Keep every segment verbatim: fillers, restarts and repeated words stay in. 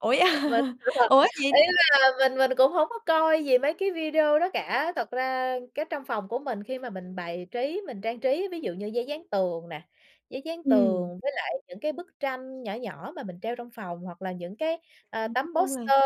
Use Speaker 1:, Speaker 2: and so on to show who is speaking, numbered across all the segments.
Speaker 1: Ủa, vậy
Speaker 2: Và
Speaker 1: hả?
Speaker 2: [unintelligible] là
Speaker 1: Ủa gì?
Speaker 2: ý là mình mình cũng hông có coi gì mấy cái video đó cả. Thật ra cái trong phòng của mình khi mà mình bài trí, mình trang trí ví dụ như giấy dán tường nè, giấy dán
Speaker 1: Ừm.
Speaker 2: tường với lại những cái bức tranh nhỏ nhỏ mà mình treo trong phòng, hoặc là những cái, à,
Speaker 1: Ừm, nói
Speaker 2: tấm
Speaker 1: chung là
Speaker 2: poster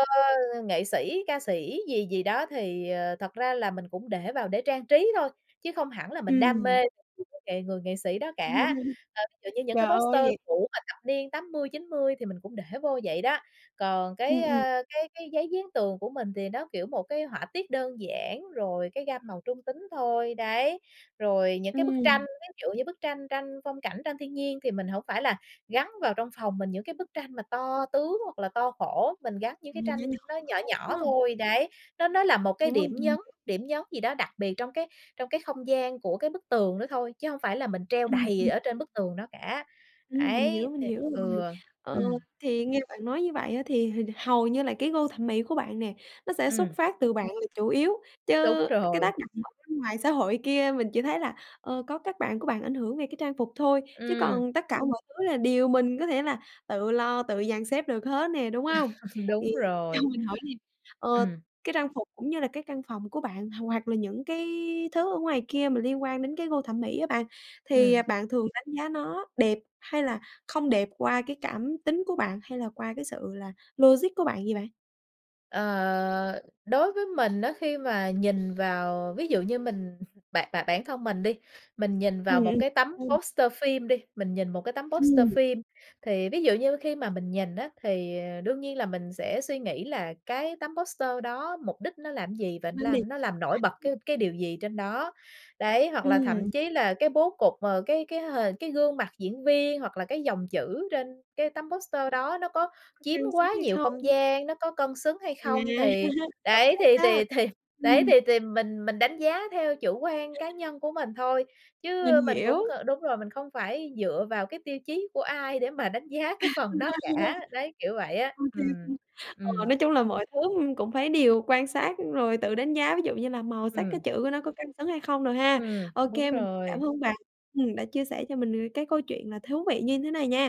Speaker 2: nghệ sĩ, ca sĩ gì gì đó thì, ờ, thật ra là mình cũng để vào để trang trí thôi, chứ không hẳn là mình đam
Speaker 1: Ừm.
Speaker 2: mê [unintelligible] nghệ người nghệ sĩ đó cả. Ờ, kiểu như, những cái
Speaker 1: Trời ơi,
Speaker 2: poster
Speaker 1: vậy
Speaker 2: cũ mà thập niên tám mươi chín mươi thì mình cũng để vô vậy đó. Còn cái,
Speaker 1: Ừm, ừm.
Speaker 2: a, cái cái giấy dán tường của mình thì nó, kiểu, một cái họa tiết đơn giản, rồi cái gam màu trung tính thôi, đấy, rồi những cái bức tranh.
Speaker 1: Ừm.
Speaker 2: Ví dụ như bức tranh tranh phong cảnh, tranh thiên nhiên, thì mình hổng phải là gắn vào trong phòng mình những cái bức tranh mà to tướng hoặc là to khổ, mình gắn những
Speaker 1: Ừm,
Speaker 2: cái tranh
Speaker 1: nhỏ nhỏ
Speaker 2: nó nhỏ
Speaker 1: thôi, đúng
Speaker 2: nhỏ
Speaker 1: hông?
Speaker 2: thôi. Đấy, nó nó là một cái
Speaker 1: Đúng rồi,
Speaker 2: điểm
Speaker 1: ừm.
Speaker 2: nhấn, điểm nhấn gì đó đặc biệt trong cái trong cái không gian của cái bức tường đó thôi, chứ hông phải là mình treo
Speaker 1: Ừm,
Speaker 2: đầy
Speaker 1: ừm.
Speaker 2: ở trên bức tường đó cả.
Speaker 1: Ừm, mình
Speaker 2: Ấy,
Speaker 1: hiểu, mình
Speaker 2: thì
Speaker 1: hiểu rồi.
Speaker 2: ừ,
Speaker 1: Ờ,
Speaker 2: ừm.
Speaker 1: thì nghe bạn nói như vậy á, thì hình hầu như là cái gu thẩm mỹ của bạn nè, nó sẽ xuất
Speaker 2: Ừm.
Speaker 1: phát từ bạn là chủ yếu,
Speaker 2: Đúng
Speaker 1: chứ cái
Speaker 2: rồi.
Speaker 1: tác động ở bên ngoài xã hội kia mình chỉ thấy là, ờ, có các bạn của bạn ảnh hưởng về cái trang phục thôi, chứ
Speaker 2: Ừm.
Speaker 1: còn tất cả mọi thứ là điều mình có thể là tự lo, tự dàn xếp được hết nè, đúng hông? Thì
Speaker 2: Đúng
Speaker 1: cho
Speaker 2: rồi.
Speaker 1: mình hỏi nè, ờ,
Speaker 2: Ừm.
Speaker 1: cái trang phục cũng như là cái căn phòng của bạn h hoặc là những cái thứ ở ngoài kia mà liên quan đến cái gu thẩm mỹ á bạn thì, à,
Speaker 2: Ừm.
Speaker 1: bạn thường đánh giá nó đẹp hay là không đẹp qua cái cảm tính của bạn hay là qua cái sự là logic của bạn vậy bạn?
Speaker 2: Ờ, đối với mình á, khi mà nhìn vào ví dụ như mình bản bản bản thân mình đi, mình nhìn
Speaker 1: Ừm,
Speaker 2: vào một
Speaker 1: ừm.
Speaker 2: cái tấm
Speaker 1: [unintelligible]
Speaker 2: poster phim đi, mình nhìn một cái tấm poster
Speaker 1: Ừm.
Speaker 2: phim, thì ví dụ như khi mà mình nhìn á, thì, ờ, đương nhiên là mình sẽ suy nghĩ là cái tấm poster đó mục đích nó làm gì? Và nó
Speaker 1: Lam đì.
Speaker 2: làm nó làm nổi bật cái cái điều gì trên đó? Đấy, hoặc là
Speaker 1: Ừm.
Speaker 2: thậm chí là cái bố cục, ờ, cái cái h cái gương mặt diễn viên hoặc là cái dòng chữ trên cái tấm poster đó nó có
Speaker 1: Có
Speaker 2: chiếm
Speaker 1: cân xứng
Speaker 2: quá
Speaker 1: hay
Speaker 2: nhiều không
Speaker 1: không?
Speaker 2: gian, nó có cân xứng hay
Speaker 1: À,
Speaker 2: không? Thì
Speaker 1: hợp
Speaker 2: đấy,
Speaker 1: lý
Speaker 2: thì
Speaker 1: đó.
Speaker 2: thì thì đấy,
Speaker 1: Ừm.
Speaker 2: thì thì mình mình đánh giá theo chủ quan cá nhân của mình thôi,
Speaker 1: Mình
Speaker 2: chứ mình cũng
Speaker 1: hiểu.
Speaker 2: c đúng rồi, mình không phải dựa vào cái tiêu chí của ai để mà đánh giá cái phần đó cả, đấy, kiểu vậy á,
Speaker 1: OK
Speaker 2: ừm.
Speaker 1: luôn. Ờ,
Speaker 2: Ừm.
Speaker 1: nói chung là mọi thứ, ưm, cũng phải điều quan sát rồi tự đánh giá, ví dụ như là màu sắc cái
Speaker 2: Ừm.
Speaker 1: chữ của nó có cân xứng hay không đồ ha.
Speaker 2: Ừm,
Speaker 1: OK,
Speaker 2: đúng
Speaker 1: mình cảm
Speaker 2: rồi.
Speaker 1: ơn bạn, ừm, đã chia sẻ cho mình về cái câu chuyện là thú vị như thế này nha.